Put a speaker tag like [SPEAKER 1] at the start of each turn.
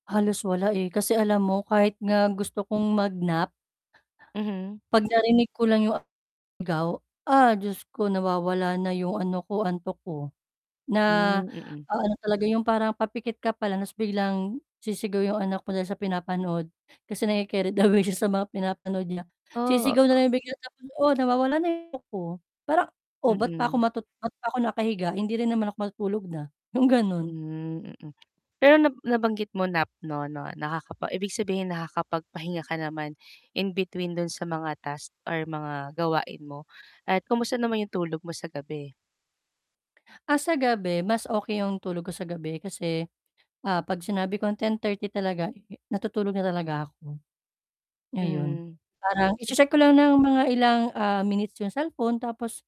[SPEAKER 1] Halos wala, eh, kasi alam mo kahit nga gusto kong mag-nap
[SPEAKER 2] Mhm.
[SPEAKER 1] 'pag narinig ko lang 'yong [unintelligible] Ah Diyos ko! nawawala na 'yong ano ko, antok ko, na
[SPEAKER 2] Hmm, mm.
[SPEAKER 1] a-ano talaga 'yong parang papikit ka pala ta's biglang sisigaw 'yong anak ko dahil sa pinapanood kasi na c caried away siya sa mga pinapanood niya
[SPEAKER 2] Oh.
[SPEAKER 1] sisigaw na lang bigla, oo nawawala na yung [unintelligible] parang oh 'bat pa
[SPEAKER 2] Mm.
[SPEAKER 1] ba't pa ako nakahiga, hindi rin naman ako matutulog na, yung gano'n.
[SPEAKER 2] Hmm, mm. Pero na nabanggit mo nap no no naka ibig sabihin nakakapagpahinga ka naman in between dun sa mga task or mga gawain mo, at kamusta naman yung tulog mo sa gabi?
[SPEAKER 1] Ah, sa gabi mas okay yung tulog ko sa gabi kasi, ah, 'pag sinabi kong 10:30 talaga natutulog na talaga ako, ngayon,
[SPEAKER 2] Hmm.
[SPEAKER 1] parang
[SPEAKER 2] Se
[SPEAKER 1] i-che-check ko lang ng mga ilang, ah, minutes yung cellphone tapos